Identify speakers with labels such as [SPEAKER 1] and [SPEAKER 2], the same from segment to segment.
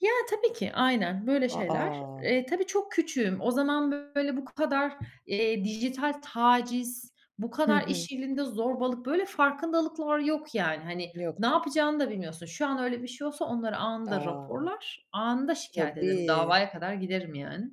[SPEAKER 1] Ya, tabii ki. Aynen, böyle
[SPEAKER 2] A,
[SPEAKER 1] şeyler.
[SPEAKER 2] a!
[SPEAKER 1] Eee, tabii çok küçüğüm. O zaman böyle bu kadar, eee, dijital taciz, bu
[SPEAKER 2] Hı
[SPEAKER 1] kadar
[SPEAKER 2] hı.
[SPEAKER 1] iş yerinde zorbalık, böyle farkındalıklar yok yani. Hani, ne
[SPEAKER 2] Yoktu.
[SPEAKER 1] yapacağını da bilmiyorsun. Şu an öyle bir şey olsa onları anında
[SPEAKER 2] A.
[SPEAKER 1] raporlar, anında şikâyet ederim;
[SPEAKER 2] Tabii.
[SPEAKER 1] davaya kadar giderim yani.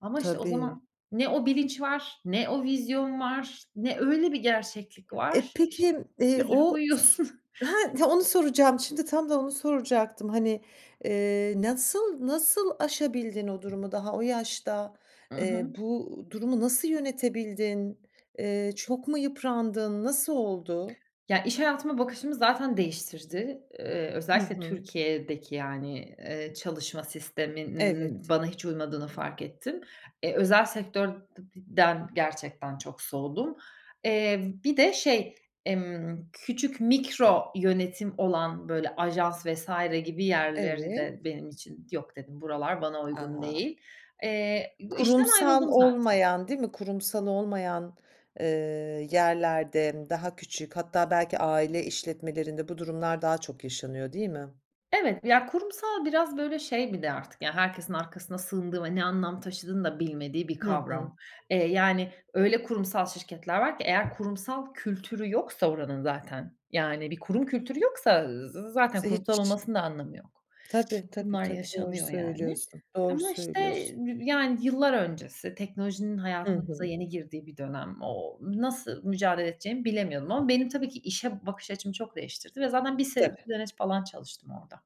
[SPEAKER 1] Ama, işte, o
[SPEAKER 2] Tabii.
[SPEAKER 1] zaman ne o bilinç var, ne o vizyon var, ne öyle bir gerçeklik
[SPEAKER 2] E,
[SPEAKER 1] var. İşte,
[SPEAKER 2] peki, eee,
[SPEAKER 1] üzülüp
[SPEAKER 2] o s
[SPEAKER 1] uyuyorsun.
[SPEAKER 2] ha, onu soracağım. Şimdi tam da onu soracaktım. Hani, eee, nasıl, nasıl aşabildin o durumu daha o yaşta?
[SPEAKER 1] I hı.
[SPEAKER 2] Eee, bu durumu nasıl yönetebildin? Eee, çok mu yıprandın? Nasıl oldu?
[SPEAKER 1] Ya, iş hayatıma bakışımı zaten değiştirdi. Eee,
[SPEAKER 2] Hı
[SPEAKER 1] özellikle
[SPEAKER 2] hı.
[SPEAKER 1] Türkiye'deki, yani, eee, çalışma sisteminin
[SPEAKER 2] Evet.
[SPEAKER 1] bana hiç uymadığını fark ettim. E, özel sektör de di den gerçekten çok soğudum. Eee, bir de şey, emm, küçük mikro yönetim olan, böyle, ajans vs. gibi
[SPEAKER 2] Evet.
[SPEAKER 1] yerleri de
[SPEAKER 2] Evet.
[SPEAKER 1] benim için, "Yok," dedim, "buralar bana uygun
[SPEAKER 2] A!
[SPEAKER 1] değil." Eee, bu işten
[SPEAKER 2] Kurumsal
[SPEAKER 1] ayrıldım zaten.
[SPEAKER 2] olmayan değil mi? Kurumsal olmayan, eee, yerlerde daha küçük hatta belki aile işletmelerinde bu durumlar daha çok yaşanıyor değil mi?
[SPEAKER 1] Evet. Ya, kurumsal biraz, böyle, şey bir de artık, yani, herkesin arkasına sığındığı ve ne anlam taşıdığını da bilmediği bir
[SPEAKER 2] Hı hı.
[SPEAKER 1] kavram. Eee, yani öyle kurumsal şirketler var ki eğer kurumsal kültürü yoksa oranın, zaten, yani bir kurum kültürü yoksa z zaten
[SPEAKER 2] Ze
[SPEAKER 1] kurumsal
[SPEAKER 2] hiç.
[SPEAKER 1] olmasının da anlamı yok.
[SPEAKER 2] Tabii, tabii,
[SPEAKER 1] Bunlar
[SPEAKER 2] tabii, doğru
[SPEAKER 1] yaşanıyor yani.
[SPEAKER 2] söylüyorsun. Doğru
[SPEAKER 1] Ama, işte,
[SPEAKER 2] söylüyorsun.
[SPEAKER 1] [unintelligible] yani, yıllar öncesi, teknolojinin
[SPEAKER 2] Hı
[SPEAKER 1] hayatımıza
[SPEAKER 2] hı.
[SPEAKER 1] yeni girdiği bir dönem. Ooo, nasıl mücadele edeceğimi bilemiyordum ama benim tabii ki işe bakış açımı çok değiştirdi ve zaten 1 se
[SPEAKER 2] Tabii.
[SPEAKER 1] [unintelligible] falan çalıştım orada.